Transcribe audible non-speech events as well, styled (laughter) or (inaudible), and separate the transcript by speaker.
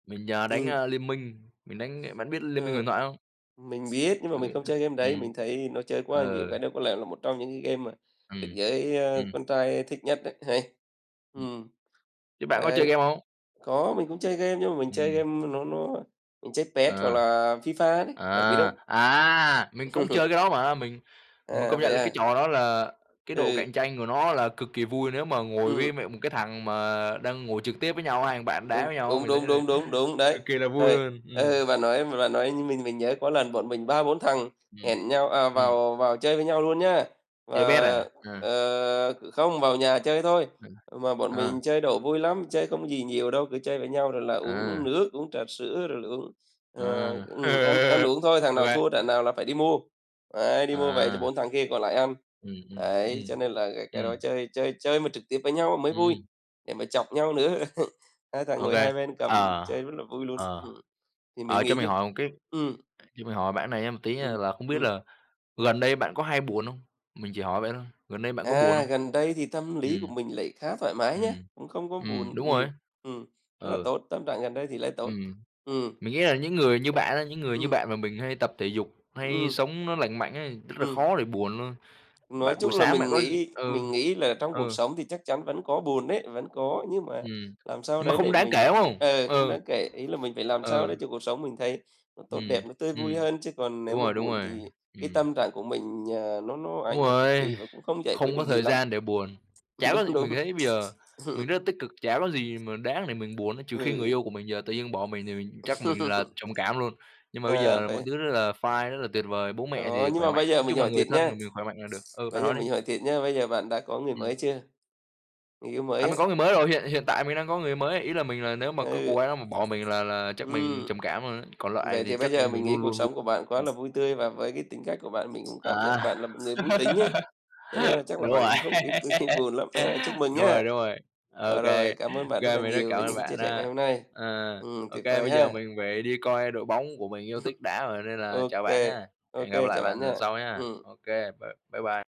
Speaker 1: Mình, ờ, đánh,
Speaker 2: Ừm.
Speaker 1: ơ, Liên Minh, mình đánh cái bạn biết Liên Minh
Speaker 2: Ờ,
Speaker 1: Huyền Thoại không?
Speaker 2: mình biết nhưng mà mình không chơi game đấy,
Speaker 1: Ừm.
Speaker 2: mình thấy nó chơi quá là nhiều
Speaker 1: Ừ.
Speaker 2: cái, nó có lẽ là một trong những cái game mà được
Speaker 1: Ừm,
Speaker 2: giới, ơ,
Speaker 1: ừm.
Speaker 2: con trai thích nhất đấy, hay,
Speaker 1: Ừm.
Speaker 2: ừm.
Speaker 1: Thế bạn có chơi
Speaker 2: Đấy
Speaker 1: game hông?
Speaker 2: có, mình cũng chơi game nhưng mà mình chơi
Speaker 1: Ừm.
Speaker 2: game nó nó mình chơi Pes hoặc
Speaker 1: À,
Speaker 2: là FIFA đấy, bạn biết không?
Speaker 1: à, à! Mình cũng chơi
Speaker 2: (laughs)
Speaker 1: cái đó mà. Mình mình
Speaker 2: À,
Speaker 1: công nhận
Speaker 2: vậy
Speaker 1: là
Speaker 2: à?
Speaker 1: cái trò đó là cái độ cạnh
Speaker 2: Ừ.
Speaker 1: tranh của nó là cực kỳ vui nếu mà ngồi với,
Speaker 2: Ừm.
Speaker 1: mẹ một cái thằng mà đang ngồi trực tiếp với nhau, hai thằng bạn đá
Speaker 2: Đúng,
Speaker 1: với nhau á,
Speaker 2: đúng,
Speaker 1: mình thấy
Speaker 2: đúng,
Speaker 1: là
Speaker 2: đúng, đúng, đúng, đấy.
Speaker 1: cực kỳ là vui
Speaker 2: Rồi,
Speaker 1: luôn,
Speaker 2: ờ,
Speaker 1: ừm.
Speaker 2: bạn nói bạn nói mình mới nhớ có lần bọn mình ba, bốn thằng
Speaker 1: Ừm,
Speaker 2: hẹn nhau, à,
Speaker 1: ừm.
Speaker 2: vào vào chơi với nhau luôn nhá, và,
Speaker 1: Chơi Pes à? À.
Speaker 2: ờ không, vào nhà chơi thôi,
Speaker 1: Ừ,
Speaker 2: mà bọn
Speaker 1: ờ.
Speaker 2: mình chơi độ vui lắm. Chơi không gì nhiều đâu, cứ chơi với nhau rồi là uống
Speaker 1: À.
Speaker 2: nước, uống trà sữa, rồi là uống, ờ
Speaker 1: À.
Speaker 2: ừm, ăn ăn
Speaker 1: (laughs)
Speaker 2: uống thôi, thằng
Speaker 1: Ô
Speaker 2: nào
Speaker 1: kê.
Speaker 2: thua trận nào là phải đi mua, ấy, đi mua về cho
Speaker 1: À.
Speaker 2: bốn thằng kia còn lại ăn.
Speaker 1: Ừm, ừm,
Speaker 2: Đấy,
Speaker 1: ừm,
Speaker 2: cho nên là cái cái
Speaker 1: ừm.
Speaker 2: đó chơi chơi chơi mà trực tiếp với nhau mới vui,
Speaker 1: Ừm.
Speaker 2: để mà chọc nhau nữa, (laughs) hai thằng
Speaker 1: Ô
Speaker 2: ngồi
Speaker 1: kê,
Speaker 2: hai bên cầm,
Speaker 1: ờ,
Speaker 2: chơi rất là vui luôn.
Speaker 1: ờ,
Speaker 2: Ừm, thì mình
Speaker 1: ờ, cho
Speaker 2: nghĩ
Speaker 1: mình
Speaker 2: những
Speaker 1: hỏi một cái
Speaker 2: ừm.
Speaker 1: cho mình hỏi bạn cái này nha, một tí nha
Speaker 2: Ừm,
Speaker 1: là không biết
Speaker 2: ừm.
Speaker 1: là gần đây bạn có hay buồn hông? Mình chỉ hỏi vậy thôi, gần đây bạn có buồn
Speaker 2: À,
Speaker 1: hông?
Speaker 2: gần đây thì tâm lý của
Speaker 1: Ừm,
Speaker 2: mình lại khá thoải mái nhá,
Speaker 1: ừm,
Speaker 2: cũng không có
Speaker 1: ừm,
Speaker 2: buồn
Speaker 1: đúng
Speaker 2: nhiều,
Speaker 1: rồi.
Speaker 2: ừm, rất là
Speaker 1: Ừ.
Speaker 2: tốt, tâm trạng gần đây thì lại tốt.
Speaker 1: Ừm,
Speaker 2: Ừm.
Speaker 1: mình nghĩ là những người như bạn á, những người như
Speaker 2: Ừm.
Speaker 1: bạn mà mình hay tập thể dục, hay
Speaker 2: Ừm.
Speaker 1: sống nó lành mạnh ấy, rất là
Speaker 2: Ừm.
Speaker 1: khó để buồn luôn,
Speaker 2: Nói
Speaker 1: bạn buổi
Speaker 2: chung là
Speaker 1: sáng bạn
Speaker 2: mình
Speaker 1: có d
Speaker 2: nghĩ
Speaker 1: ừ,
Speaker 2: mình nghĩ là trong cuộc
Speaker 1: ừ.
Speaker 2: sống thì chắc chắn vẫn có buồn đấy, vẫn có, nhưng mà
Speaker 1: Ừm,
Speaker 2: làm sao
Speaker 1: nhưng mà
Speaker 2: đấy
Speaker 1: không
Speaker 2: để
Speaker 1: đáng
Speaker 2: mình
Speaker 1: kể, đúng hông?
Speaker 2: ờ, không
Speaker 1: Ừ,
Speaker 2: đáng kể, ý là mình phải làm sao
Speaker 1: ừ.
Speaker 2: đấy cho cuộc sống mình thấy nó tốt đẹp,
Speaker 1: Ừm,
Speaker 2: nó tươi
Speaker 1: ừm,
Speaker 2: vui hơn, chứ còn nếu
Speaker 1: đúng
Speaker 2: mà
Speaker 1: rồi, đúng
Speaker 2: buồn thì
Speaker 1: rồi,
Speaker 2: cái
Speaker 1: ừm.
Speaker 2: tâm trạng của mình, ờ, nó nó
Speaker 1: Đúng
Speaker 2: ảnh hưởng cực
Speaker 1: rồi,
Speaker 2: kỳ và cũng không giải quyết
Speaker 1: không
Speaker 2: được
Speaker 1: có
Speaker 2: gì
Speaker 1: thời
Speaker 2: lắm.
Speaker 1: gian để buồn, chả có
Speaker 2: Đúng,
Speaker 1: gì
Speaker 2: đúng.
Speaker 1: mình thấy bây giờ,
Speaker 2: Ừm.
Speaker 1: mình rất là tích cực, chả có gì mà đáng để mình buồn á, trừ khi người
Speaker 2: Ừ.
Speaker 1: yêu của mình giờ tự nhiên bỏ mình thì mình chắc mình là
Speaker 2: (laughs)
Speaker 1: trầm cảm luôn, nhưng mà bây
Speaker 2: À,
Speaker 1: giờ mọi
Speaker 2: vậy
Speaker 1: thứ rất là fine rất là tuyệt vời, bố mẹ
Speaker 2: Đó,
Speaker 1: thì
Speaker 2: nhưng
Speaker 1: khỏe
Speaker 2: mà
Speaker 1: mạnh,
Speaker 2: bây giờ
Speaker 1: nói
Speaker 2: mình
Speaker 1: chung là
Speaker 2: hỏi
Speaker 1: người
Speaker 2: thiệt
Speaker 1: thân
Speaker 2: nha,
Speaker 1: của mình khỏe mạnh là được ừ, bạn
Speaker 2: bây giờ
Speaker 1: nói đi.
Speaker 2: mình hỏi thiệt nha, bây giờ bạn đã có người
Speaker 1: Ừm.
Speaker 2: mới chưa? Người yêu mới
Speaker 1: À,
Speaker 2: á?
Speaker 1: mình có người mới rồi, hiện hiện tại mình đang có người mới, ý là mình là nếu mà cái cô
Speaker 2: Ừ.
Speaker 1: gái đó mà bỏ mình là là chắc mình
Speaker 2: Ừm.
Speaker 1: trầm cảm luôn ấy, còn lại
Speaker 2: Vậy
Speaker 1: thì
Speaker 2: thì bây
Speaker 1: chắc
Speaker 2: giờ mình
Speaker 1: mình luôn
Speaker 2: nghĩ cuộc
Speaker 1: luôn vu
Speaker 2: sống của bạn quá
Speaker 1: ừm.
Speaker 2: là vui tươi và với cái tính cách của bạn mình cũng cảm giác
Speaker 1: À,
Speaker 2: bạn là một người vui tính ấy, cho nên
Speaker 1: (laughs)
Speaker 2: là chắc là
Speaker 1: đúng
Speaker 2: bạn
Speaker 1: rồi,
Speaker 2: cũng không ít khi buồn lắm ha, chúc
Speaker 1: (laughs)
Speaker 2: mừng
Speaker 1: đúng rồi,
Speaker 2: nhá!
Speaker 1: đúng rồi, ô
Speaker 2: Ờ,
Speaker 1: kê,
Speaker 2: rồi,
Speaker 1: ô
Speaker 2: cảm ơn bạn rất
Speaker 1: kê
Speaker 2: là
Speaker 1: mình rất
Speaker 2: nhiều
Speaker 1: cảm
Speaker 2: về
Speaker 1: ơn
Speaker 2: những cái chia
Speaker 1: bạn
Speaker 2: sẻ ngày
Speaker 1: ha,
Speaker 2: hôm nay.
Speaker 1: ờ,
Speaker 2: Ừm,
Speaker 1: ô
Speaker 2: tuyệt
Speaker 1: kê,
Speaker 2: vời
Speaker 1: bây giờ
Speaker 2: ha.
Speaker 1: mình phải đi coi đội bóng của mình yêu thích đá rồi
Speaker 2: (chuckles)
Speaker 1: nên là
Speaker 2: Ô
Speaker 1: chào bạn
Speaker 2: kê,
Speaker 1: nhá,
Speaker 2: ô
Speaker 1: hẹn gặp
Speaker 2: kê,
Speaker 1: lại
Speaker 2: chào
Speaker 1: bạn
Speaker 2: bạn
Speaker 1: lần
Speaker 2: nhá,
Speaker 1: sau nhá.
Speaker 2: ừm.
Speaker 1: Ô kê, bye bye bye.